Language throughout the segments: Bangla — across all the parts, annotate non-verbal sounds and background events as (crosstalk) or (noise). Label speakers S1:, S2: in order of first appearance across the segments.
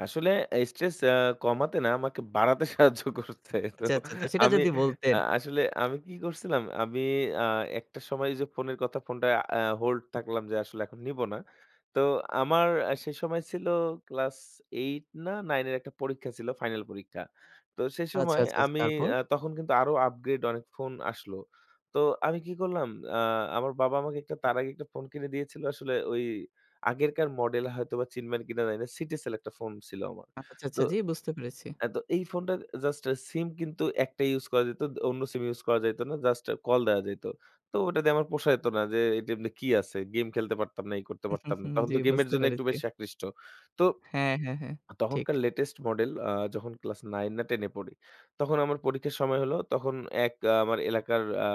S1: আসলে আ স্ট্রেস আ কমাতে না আমাকে বাড়াতে সাহায্য করতো।
S2: আচ্ছা, আচ্ছা, আচ্ছা।
S1: (unintelligible)
S2: সেটা
S1: আমি
S2: যদি বলতেন?
S1: আ আসলে আমি কি করছিলাম? আমি আ একটা সময় ওইযে ফোনের কথা ফোনটা অ্যা hold থাকলাম যে আসলে এখন নিবো না। তো আমার অ্যা সেই সময় ছিল ক্লাস 8 না 9 এর একটা পরীক্ষা ছিল। ফাইনাল পরীক্ষা। তো সেই
S2: আচ্ছা,
S1: সময়
S2: আচ্ছা, আচ্ছা।
S1: আমি
S2: তারপর?
S1: আ তখন কিন্তু আরো upgrade অনেক ফোন আসলো। তো আমি কি করলাম? আ আমার বাবা আমাকে একটা তার আগে একটা ফোন কিনে দিয়েছিল আসলে ওই আগেরকার মডেল হয়তোবা চিনবেন কিনা জানি না। Citycell একটা ফোন ছিল আমার।
S2: আচ্ছা, আচ্ছা।
S1: তো
S2: জি, বুঝতে পেরেছি।
S1: অ্যা তো এই ফোনটা জাস্ট এ সিম কিন্তু ১ টাই ইউজ করা যাইত। দ অন্য সিম ইউজ করা যাইত না। জাস্ট কল দেয়া যাইত। তো ওটা দিয়ে আমার পোষাইত না যে, "এমনে কি আছে?" গেম খেলতে পারতাম না, এই করতে পারতাম না। তখন
S2: (chuckles) জ্বি,
S1: তো গেমের
S2: বুঝতে
S1: জন্য একটু
S2: পেরেছি।
S1: বেশি আকৃষ্ট। তো
S2: হ্যাঁ, হ্যাঁ, হ্যাঁ।
S1: আ
S2: ঠিক।
S1: তখনকার latest মডেল আ যখন ক্লাস 9 না 10 এ পড়ি, তখন আমার পরীক্ষার সময় হলো। তখন এক আমার এলাকার আ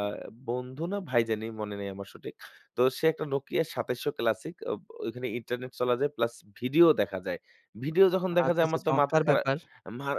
S1: বন্ধু না ভাই জানি, মনে নেই আমার সঠিক। তো সে একটা Nokia ২৭০০ classic আব অ ঐখানে ইন্টারনেট চলা যায় প্লাস ভিডিও দেখা যায়। ভিডিও যখন দেখা
S2: আচ্ছা,
S1: যায়
S2: আচ্ছা।
S1: আমার তো মাথা
S2: চমৎকার
S1: খারা
S2: ব্যাপার!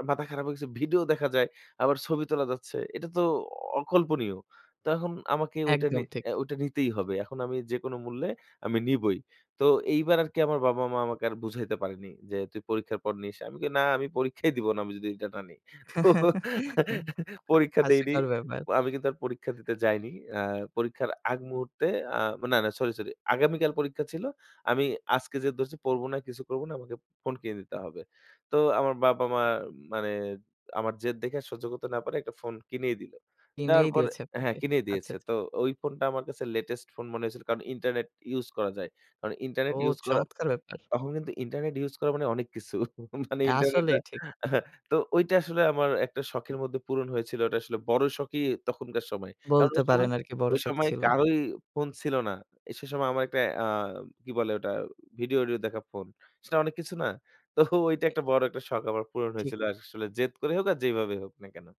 S1: মাথা খারাপ হয়ে গেছে। ভিডিও দেখা যায়, আবার ছবি তোলা যাচ্ছে। এটা তো অ অকল্পনীয়। তো এখন আমাকে ঐটা নি
S2: একদম ঠিক।
S1: অ্যা ঐটা নিতেই হবে। এখন আমি যেকোন মূল্যে আমি নিবই। তো এইবার আর কি আমার বাবা-মা আমাকে আর বুঝাইতে পারেনি যে, "তুই পরীক্ষার পর নিস।" আমি কই "না, আমি পরীক্ষাই দিব না। আমি যদি এটা না নি।" তো
S2: (chuckles) হা
S1: (giggles) পরীক্ষা দেইনি।
S2: হাস্যকর ব্যাপার।
S1: আমি কিন্তু আর পরীক্ষা দিতে যাইনি। অ্যা পরীক্ষার আগ মুহূর্তে আ মা না, না, সরি, সরি, আগামীকাল পরীক্ষা ছিল। আমি আজকে যে ধরছি, "পড়বো না, কিছু করবো না। আমাকে ফোন কিনে নিতে হবে।" তো আমার বাবা-মা মানে আমার জেদ দেখে আর সহ্য করতে না পারে একটা ফোন কিনেই দিলো। দেওয়ার
S2: কিনেই
S1: পর
S2: দিয়েছে
S1: হ্যাঁ,
S2: আপনাকে।
S1: কিনেই
S2: আচ্ছা,
S1: দিয়েছে।
S2: আচ্ছা।
S1: তো ওই ফোনটা আমার কাছে latest ফোন মনে হয়েছিল, কারণ ইন্টারনেট ইউজ করা যায়। কারণ ইন্টারনেট
S2: ও,
S1: ইউজ করা
S2: চমৎকার ব্যাপার!
S1: তখন কিন্তু ইন্টারনেট ইউজ করা মানে অনেক কিছু। (chuckles) মানে
S2: অ্যা
S1: ইন্টারনেট আ
S2: আসলেই ঠিক।
S1: আহা তো ঐটা আসলে আমার একটা শখের মধ্যে পূরণ হয়েছিল। ওইটা আসলে বড় শখই তখনকার সময়। কারণ
S2: বলতে
S1: ওই
S2: পারেন
S1: সময়
S2: আরকি বড়
S1: ওই
S2: শখ
S1: সময়
S2: ছিল।
S1: কারোই ফোন ছিল না। এ সে সময় আমার একটা অ্যা কি বলে ওটা? ভিডিও, অডিও দেখা ফোন। সেটা অনেক কিছু না? তো ওইটা
S2: এ
S1: একটা বড় একটা শখ আমার পূরণ
S2: ঠিক।
S1: হয়েছিল। আস আসলে জেদ করে হোক, আর যেইভাবে হোক না কেন।